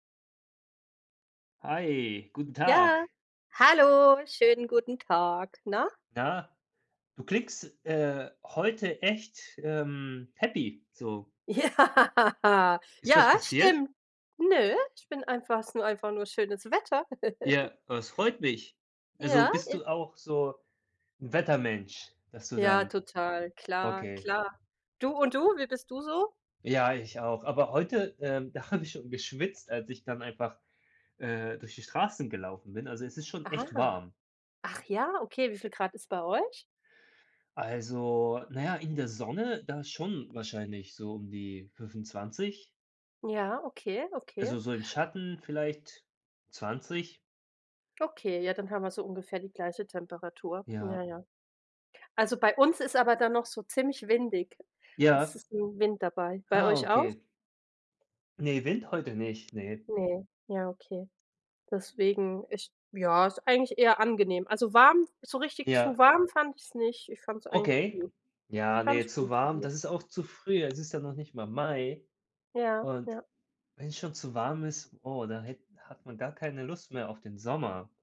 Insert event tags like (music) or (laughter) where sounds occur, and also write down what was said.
Hi, guten Ja, Tag. hallo, schönen guten Tag, na? Na, du klingst, äh, heute echt, ähm, happy so. Ja, Ist was ja passiert? stimmt. Nö, ich bin einfach es ist nur einfach nur schönes Wetter. (laughs) Ja, das freut mich. Also, Ja, bist ist du auch so 'n Wettermensch, dass du Ja, dann total, klar okay. klar. Du und du, wie bist du so? Ja, ich auch, aber heute, ähm, da habe ich schon geschwitzt als ich dann einfach, äh, durch die Straßen gelaufen bin. Also, es ist schon echt Ah, warm. ach ja, okay. Wie viel Grad ist bei euch? Also, na ja in der Sonne da schon wahrscheinlich so um die 25. Ja, okay, okay. Also, so im Schatten vielleicht 20. Okay, ja, dann haben wir so ungefähr die gleiche Temperatur. Ja. Ja, ja. Also, bei uns ist aber dann noch so ziemlich windig. Es Ja. ist 'n Wind dabei. Bei Ah, euch auch? okay. Ne, Wind heute nicht, ne. Ne, ja okay. Deswegen, ich ja, ist eigentlich eher angenehm. Also, warm, so richtig zu Ja. warm fand ich's nicht, ich fand's eigentlich Okay. gut Ja, ne, ganz zu gut warm, zumindest. das ist auch zu früh. Es ist ja noch nicht mal Mai. Ja, Und ja. wenn es schon zu warm ist, oh, da hätt hat man gar keine Lust mehr auf den Sommer.